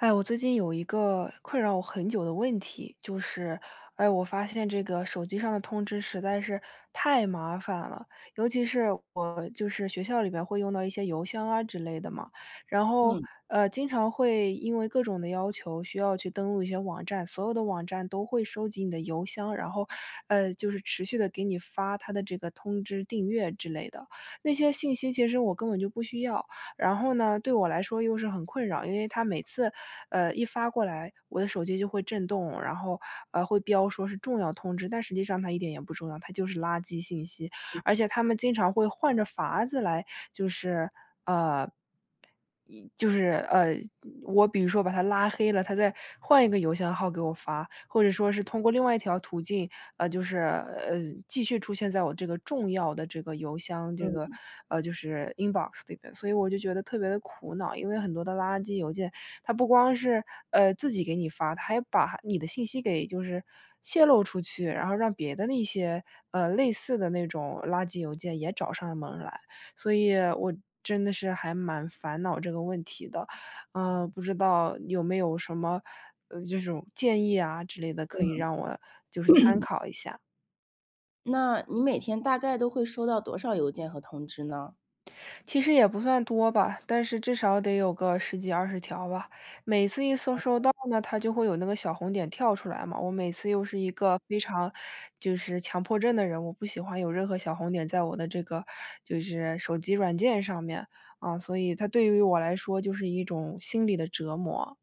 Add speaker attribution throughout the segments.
Speaker 1: 哎呀，我最近有一个困扰我很久的问题，就是哎，我发现这个手机上的通知实在是太麻烦了，尤其是我就是学校里面会用到一些邮箱啊之类的嘛，然后，
Speaker 2: 嗯。
Speaker 1: 呃，经常会因为各种的要求，需要去登录一些网站，所有的网站都会收集你的邮箱。然后，呃，就是持续地给你发它的这个通知、订阅之类的，那些信息其实我根本就不需要，然后呢，对我来说又是很困扰，因为它每次，呃，一发过来，我的手机就会震动，然后，呃，会标说是重要通知，但实际上它一点也不重要，它就是垃圾信息，
Speaker 2: 嗯。
Speaker 1: 而且它们经常会换着法子来，就是呃，一就是，呃，我比如说把它拉黑了，它再换一个邮箱号给我发，或者说是通过另外一条途径，呃，就是呃，继续出现在我这个重要的这个邮箱这
Speaker 2: 嗯
Speaker 1: 个，
Speaker 2: 嗯。
Speaker 1: 呃，就是 Inbox 里面，所以我就觉得特别地苦恼，因为很多的垃圾邮件，它不光是，呃，自己给你发，它还把你的信息给就是泄露出去，然后让别的那些，呃，类似的那种垃圾邮件也找上门来。所以我真的是还蛮烦恼这个问题的，呃，不知道有没有什么，呃，这种建议啊之类的可以
Speaker 2: 嗯。
Speaker 1: 让我，就是参 考一下？
Speaker 2: 那，你每天大概都会收到多少邮件和通知呢？
Speaker 1: 其实也不算多吧，但是至少得有个10几、20条吧，每次一搜收
Speaker 2: 哦。
Speaker 1: 到呢，它就会有那个小红点跳出来嘛。我每次又是一个非常就是，强迫症的人，我不喜欢有任何小红点在我的这个，就是手机软件上面，嗯，所以它对于我来说就是一种心理的折磨。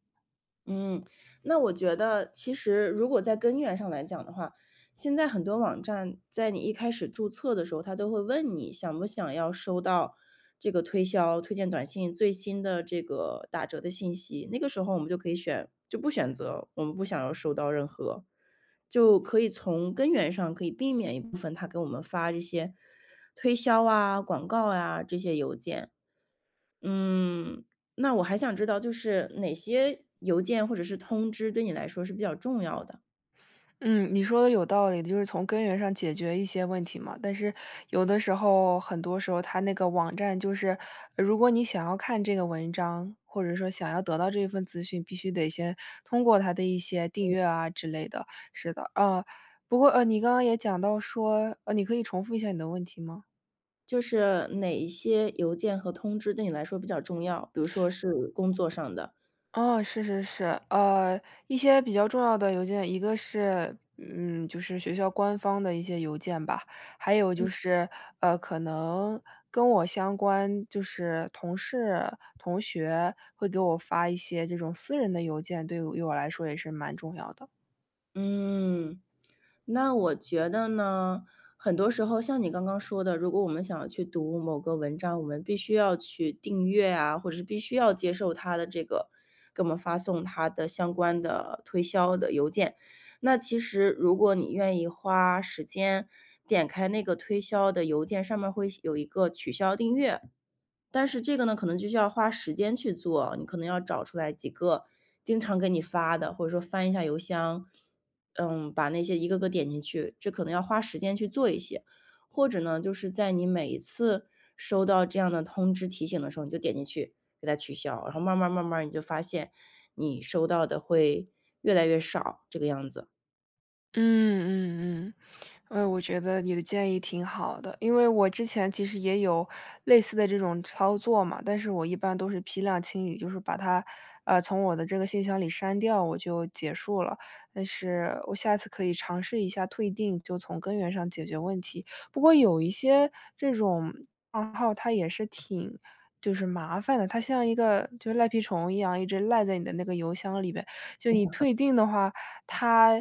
Speaker 2: 嗯，那我觉得，其实，如果在根源上来讲的话，现在很多网站在你一开始注册的时候，它都会问你：“想不想要收到这个推销、推荐短信、最新的，这个，打折的信息？”那个时候我们就可以选就不选择，我们不想要收到任何。就可以从根源上，可以避免一部分它给我们发这些推销啊、广告啊这些邮件。嗯，那我还想知道，就是，哪些邮件或者是通知，对你来说是比较重要的？
Speaker 1: 嗯，你说得有道理的，就是从根源上解决一些问题嘛。但是有的时候很多时候它那个网站就是，如果你想要看这个文章，或者说想要得到这份资讯，必须得先通过它的一些订
Speaker 2: 嗯。
Speaker 1: 阅啊之类的。是的，嗯，不过呃，你刚刚也讲到说，呃，你可以重复一下你的问题吗？
Speaker 2: 就是哪一些邮件和通知对你来说比较重要？比如说是工作上的。
Speaker 1: 哦，是是是。呃，一些比较重要的邮件。一个是，嗯，就是学校官方的一些邮件吧。还有就
Speaker 2: 嗯。
Speaker 1: 是，呃，可能跟我相关，就是同事、同学会给我发一些这种私人的邮件，对于于我来说也是蛮重要的。
Speaker 2: 嗯，那我觉得呢，很多时候像你刚刚说的，如果我们想要去读某个文章，我们必须要去订阅啊，或者是必须要接受它的这个，给我们发送它的相关的推销的邮件。那其实如果你愿意花时间点开那个推销的邮件，上面会显有一个取消订阅。但是这个呢，可能就需要花时间去做，你可能要找出来几个经常给你发的，或者说翻一下邮箱，嗯，把那些一个个点进去，这可能要花时间去做一些。或者呢，就是在你每一次收到这样的通知提醒的时候，你就点进去，给它取消，然后慢儿慢儿慢儿你就发现，你收到的会越来越少，这个样子。
Speaker 1: 嗯嗯嗯，呃，我觉得你的建议挺好的。因为我之前其实也有类似的这种操作嘛，但是我一般都是批量清理。就是把它，呃，从我的这个信箱里删掉，我就结束了。但是我下次可以尝试一下退订，就从根源上解决问题。不过有一些这种账号，它也是挺就是麻烦的。它像一个就赖皮虫一样，一直赖在你的那个邮箱里边。就是你 退订的话，它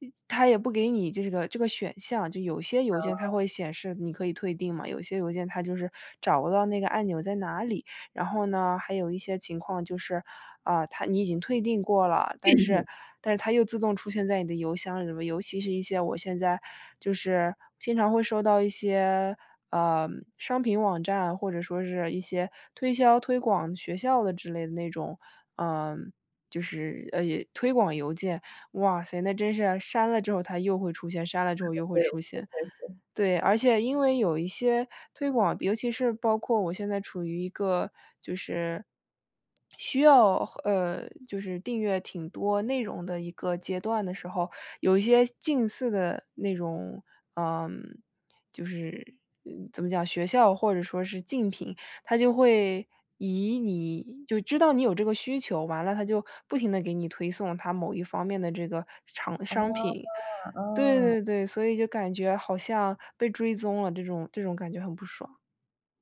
Speaker 1: 呃，它也不给你这个这个选项。就有些邮件它
Speaker 2: 哦。
Speaker 1: 会显示你可以退订嘛，有些邮件它就是找不到那个按钮在哪里。然后呢，还有一些情况就是，啊，它你已经退订过了，但是
Speaker 2: [unintelligible]
Speaker 1: 但是它又自动出现在你的邮箱里面。尤其是一些我现在就是经常会收到一些，嗯，商品网站，或者说是一些推销推广学校的之类的那种，嗯，就是，呃，推广邮件。哇塞，那真是，删了之后它又会出现，删了之后
Speaker 2: [unintelligible]
Speaker 1: 又会
Speaker 2: 对，
Speaker 1: 出
Speaker 2: 真
Speaker 1: 现。
Speaker 2: 的是。
Speaker 1: 对，而且因为有一些推广，尤其是包括我现在处于一个，就是，需要和呃，就是订阅挺多内容的一个阶段的时候。有一些近似的那种，嗯，就是，呃，怎么讲，学校或者说是竞品，它就会以你就知道你有这个需求，完了它就不停地给你推送它某一方面的这个厂
Speaker 2: 哦，
Speaker 1: 商品。对
Speaker 2: 哦。
Speaker 1: 对对，所以就感觉好像被追踪了这种这种感觉很不爽。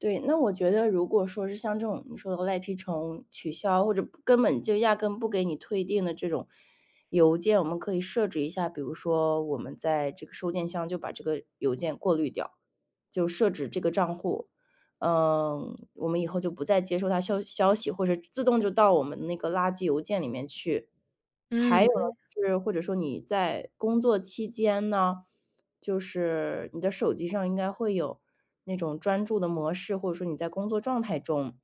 Speaker 2: 对，那我觉得如果说是像这种你说的赖皮虫，取消，或者不根本就压根不给你退订的这种，邮件。我们可以设置一下，比如说我们在这个收件箱就把这个邮件过滤掉，就设置这个账户。嗯，我们以后就不再接收它消息消息，或者自动就到我们那个垃圾邮件里面去。还有，
Speaker 1: 嗯。
Speaker 2: 就是或者说你在工作期间呢，就是，你的手机上应该会有那种专注的模式，或者说你在工作状态中。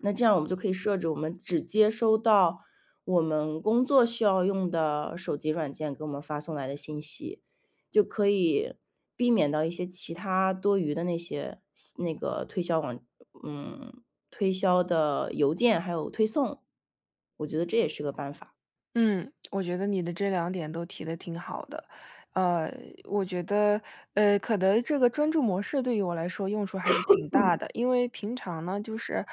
Speaker 2: 那这样我们就可以设置，我们只接收到我们工作需要用的手机软件，给我们发送来的信息。就可以避免到一些其它多余的那些些那个推销网嗯，推销的邮件还有推送。我觉得这也是个办法。
Speaker 1: 嗯，我觉得你的这两点都提得挺好的。呃，我觉得，呃，可能这个专注模式，对于我来说用处还是挺大 的。因为平常呢就是，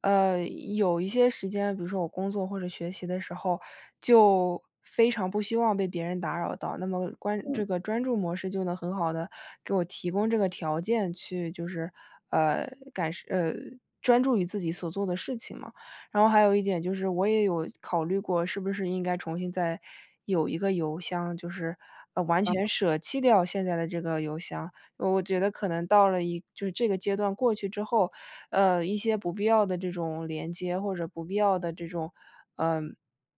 Speaker 1: 呃，有一些时间，比如说我工作或者学习的时候，就，非常不希望被别人打扰到。那么关
Speaker 2: 嗯。
Speaker 1: 这个专注模式就能很好地，给我提供这个条件去就是，呃，感受呃，专注于自己所做的事情嘛。然后还有一点就是，我也有考虑过，是不是应该重新再，有一个邮箱，就是，呃，完
Speaker 2: 嗯。
Speaker 1: 全舍弃掉现在的这个邮箱。我觉得可能到了一就是这个阶段过去之后，呃，一些不必要的这种连接，或者不必要的这种呃，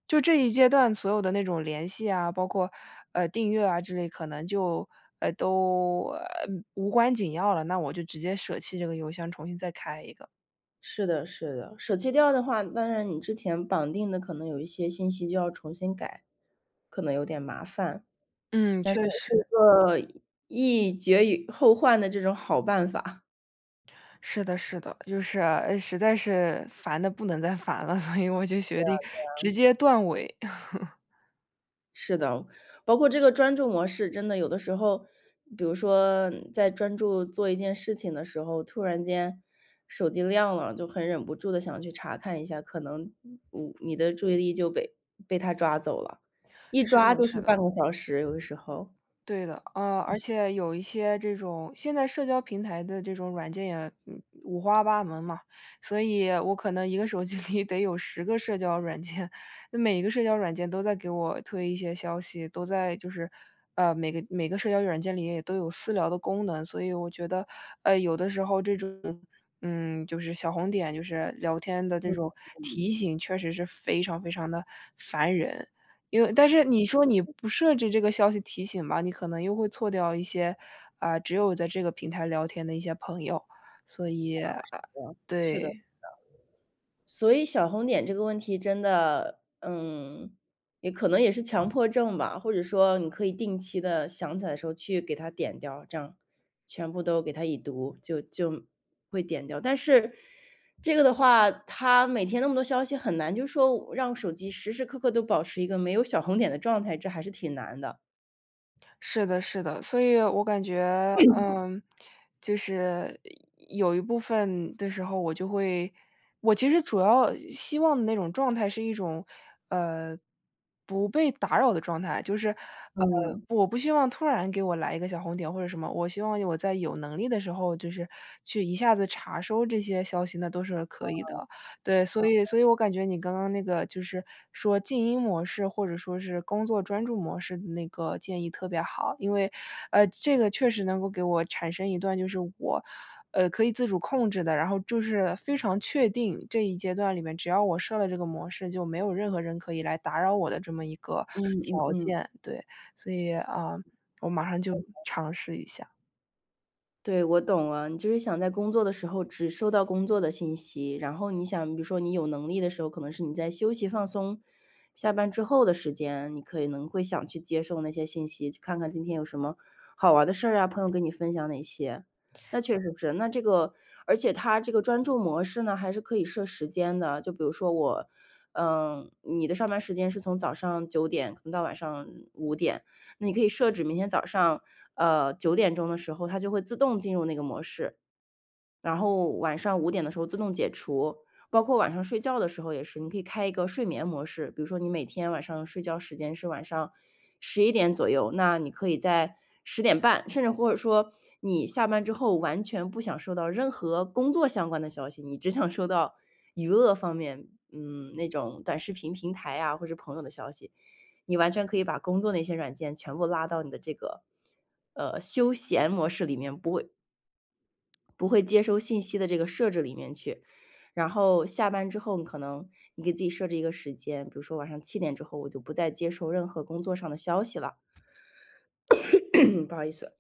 Speaker 1: 就这一阶段所有的那种联系啊，包括，呃，订阅啊之类，可能就，呃，都，呃，无关紧要了。那我就直接舍弃这个邮箱，重新再开一个。
Speaker 2: 是的是的。舍弃掉的话，那然你之前绑定的可能有一些信息就要重新改，可能有点麻烦。
Speaker 1: 嗯，确
Speaker 2: 但是
Speaker 1: 实。
Speaker 2: 也是一个，一绝以后患的这种好办法。
Speaker 1: 是的是的。就是，呃，实在是烦得不能再烦了，所以我就决
Speaker 2: 对啊
Speaker 1: 定
Speaker 2: 对
Speaker 1: 直
Speaker 2: 啊。
Speaker 1: 接断尾。
Speaker 2: 是的，包括这个专注模式真的有的时候，比如说，在专注做一件事情的时候，突然间手机亮了，就很忍不住地想去查看一下。可能，你你你的注意力就被被它抓走了，一
Speaker 1: 是
Speaker 2: 抓
Speaker 1: 的
Speaker 2: 就
Speaker 1: 是
Speaker 2: 是
Speaker 1: 的。
Speaker 2: 半个小时，有的时候。
Speaker 1: 对的。嗯，而且有一些这种现在社交平台的这种软件也，嗯，五花八门嘛。所以，我可能1个手机里得有10个社交软件。每一个社交软件都在给我推一些消息。都在就是呃，每个每个社交软件里也都有私聊的功能。所以我觉得，呃，有的时候这种，嗯，就是小红点，就是聊天的这种 提醒，确实是非常非常地烦人。因为但是你说你不设置这个消息提醒吧，你可能又会错掉一些，呃，只有在这个平台聊天的一些朋友，所以
Speaker 2: 不合
Speaker 1: 啊，
Speaker 2: 适哦，是的是的。
Speaker 1: 对。
Speaker 2: 所以小红点这个问题真的嗯，也可能也是强迫症吧，或者说，你可以定期地想起来的时候去给它点掉，这样，全部都给它已读。就就会点掉。但是，这个的话，它每天那么多消息很难就是说，让手机时时刻刻都保持一个没有小红点的状态，这还是挺难的。
Speaker 1: 是的是的。所以我感觉，呃，就是，有有一部分的时候，我就会我其实主要希望那种状态是一种，呃，不被打扰的状态。就是，呃，
Speaker 2: 嗯。
Speaker 1: 我不希望突然给我来一个小红点，或者什么。我希望我在有能力的时候，就是，去一下子查收这些消息，那都是可以
Speaker 2: 嗯，
Speaker 1: 的。对，所以
Speaker 2: 嗯。
Speaker 1: 所以我感觉你刚刚那个就是，说静音模式，或者说是，工作专注模式的那个建议特别好。因为，呃，这个确实能够给我产生一段就是我，呃，可以自主控制的，然后就是，非常确定，这一阶段里面只要我设了这个模式，就没有任何人可以来打扰我的这么一个
Speaker 2: 嗯嗯
Speaker 1: 条
Speaker 2: 嗯。
Speaker 1: 件。对，所以，呃，我马上就 尝试一下。
Speaker 2: 对，我懂了。你就是想在工作的时候只收到工作的信息。然后你想比如说你有能力的时候，可能是你在休息放松下班之后的时间，你可以能会想去接受那些信息。去看看今天有什么，好玩的事儿啊，朋友跟你分享哪些。那确实是那这个而且它这个专注模式呢，还是可以设时间的，就比如说我呃，你的上班时间是从早上9点可能到晚上5点。那你可以设置明天早上，呃，9点钟的时候，它就会自动进入那个模式。然后晚上5点的时候自动解除。包括晚上睡觉的时候也是，你可以开一个睡眠模式。比如说你每天晚上睡觉时间是晚上11点左右。那你可以在10点半，甚至或者说，你下班之后完全不想收到任何工作相关的消息。你只想收到，娱乐方面，嗯，那种短视频平台啊，或者朋友的消息。你完全可以把工作那些软件全部拉到你的这个，呃，休闲模式里面，不会不会接收信息的这个设置里面去。然后下班之后，你可能你给自己设置一个时间，比如说晚上7点之后，我就不再接受任何工作上的消息了。不好意思。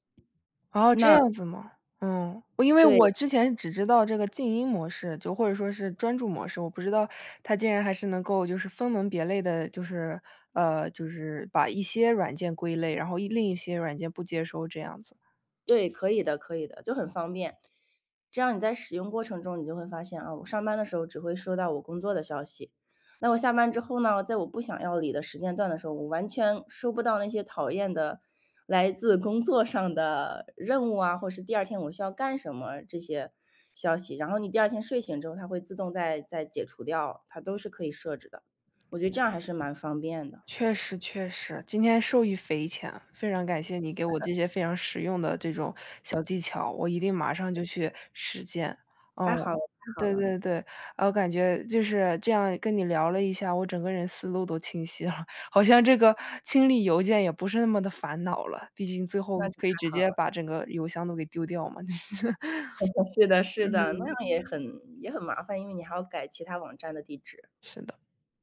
Speaker 1: 哦，这
Speaker 2: 那
Speaker 1: 样子吗？嗯，我因为我
Speaker 2: 对。
Speaker 1: 之前只知道这个静音模式，就或者说是专注模式。我不知道，它竟然还是能够就是分门别类的，就是呃，就是，把一些软件归类，然后一另一些软件不接收这样子。
Speaker 2: 对，可以的可以的。就很方便。这样你在使用过程中你就会发现，哦，我上班的时候只会收到我工作的消息。那我下班之后呢，在我不想要理的时间段的时候，我完全收不到那些讨厌的，来自工作上的任务啊，或者是第2天我需要干什么，这些消息。然后你第2天睡醒之后，它会自动再再解除掉。它都是可以设置的，我觉得这样还是蛮方便的。
Speaker 1: 确实确实。今天受益匪浅。非常感谢你给我 这些非常实用的这种小技巧，我一定马上就去实践。哦。
Speaker 2: 太好了太好
Speaker 1: 对
Speaker 2: 了。
Speaker 1: 对对。我感觉就是，这样跟你聊了一下，我整个人思路都清晰了。好像这个，清理邮件也不是那么地烦恼了，毕竟最后
Speaker 2: 那就
Speaker 1: 可以
Speaker 2: 太
Speaker 1: 直
Speaker 2: 好
Speaker 1: 接
Speaker 2: 了。
Speaker 1: 把整个邮箱都给丢掉嘛。
Speaker 2: 是的是的，那样
Speaker 1: 嗯。
Speaker 2: 也很也很麻烦，因为你还要改其它网站的地址。
Speaker 1: 是的。